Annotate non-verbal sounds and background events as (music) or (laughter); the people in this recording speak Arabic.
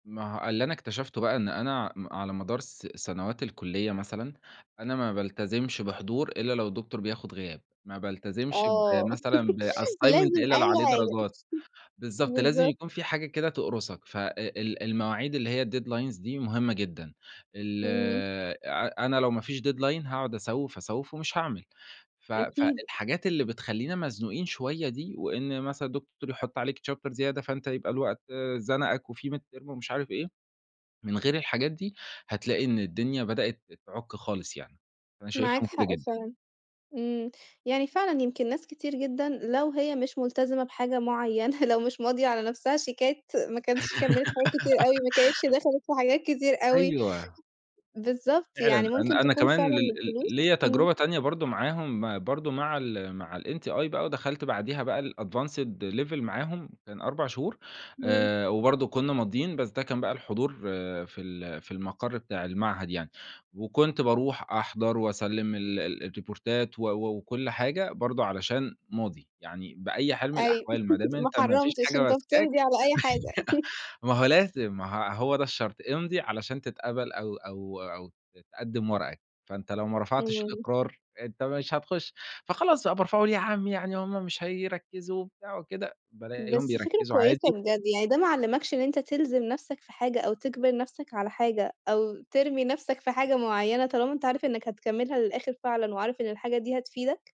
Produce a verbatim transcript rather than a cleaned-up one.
ما هو اللي أنا اكتشفته بقى إن أنا م على مدار س سنوات الكُلّية مثلًا أنا ما بالتزمش بحضور إلا لو الدكتور بياخد غياب، ما بالتزمش آه بمثلًا (laughs) بassignment لازم إلا اللي عليه أي حاجة. درجات، (chuckles) بالضبط، لازم بالضبط. يكون في حاجة كده تقرُصك. ف أ ال المواعيد اللي هي الdeadlines دي مهمة جدًا، ال امم. ع أنا لو ما فيش deadline هاقعد أسوِّف، أسوِّف، ومش هاعمل. ف أكيد. فالحاجات اللي بتخلّينا مزنوقين شوية دي وإن مثلًا دكتور يحط عليك chapter زيادة فأنت يبقى الوقت زنقك وفي midterm ومش عارف إيه، من غير الحاجات دي هتلاقي إن الدنيا بدأت تعُك خالص يعني. فأنا شايفها معاك مفيدة حق جدًا. فعلًا. امم، يعني فعلًا يمكن ناس كتير جدًا لو هي مش ملتزمة بحاجة معينة لو مش ماضية على نفسها شيكات ما كانش كمّلِت حاجات كتير أوي (giggles) ما كانتش دخلِت في حاجات كتير أوي. أيوه. بالضبط، فعلًا، يعني ممكن أنا أنا تكون كمان ل فعلًا ل الفلوس ليّا إمم. تجربة تانية برضه معاهم برضه مع ال مع الMTI بقى ودخلت بعديها بقى الadvanced level معاهم، كان أربع شهور، إمم. آآ وبرضه كنّا ماضيين بس ده كان بقى الحضور في ال في المقر بتاع المعهد يعني، وكنت باروح أحضر وأسلِّم ال ال الريبورتات و و وكل حاجة برضه علشان ماضي يعني. بأي حال من أيوه الأحوال ما دام (laughs) ما أنت ما فيش حرّمتش حاجة أنت، ماسكاك بتمضي على أي حاجة. (chuckles) (laughs) ما هو لازم ما ه هو ده الشرط، امضِ علشان تتقبل أو أو أو ت تقدّم ورقك، فأنت لو ما رفعتش إمم. الإقرار أنت مش هتخش، فخلاص بقى أبقى أرفعه ليه يا عمّي؟ يعني هُم مش هيركزوا وبتاع وكده، بالاقيهم بس فكرة بيركزوا كويسة عادي. بجد، يعني ده ما علّمكش إن أنت تلزِم نفسك في حاجة، أو تجبر نفسك على حاجة، أو ترمي نفسك في حاجة معينة طالما أنت عارف إنك هتكملها للآخر فعلًا وعارف إن الحاجة دي هتفيدك؟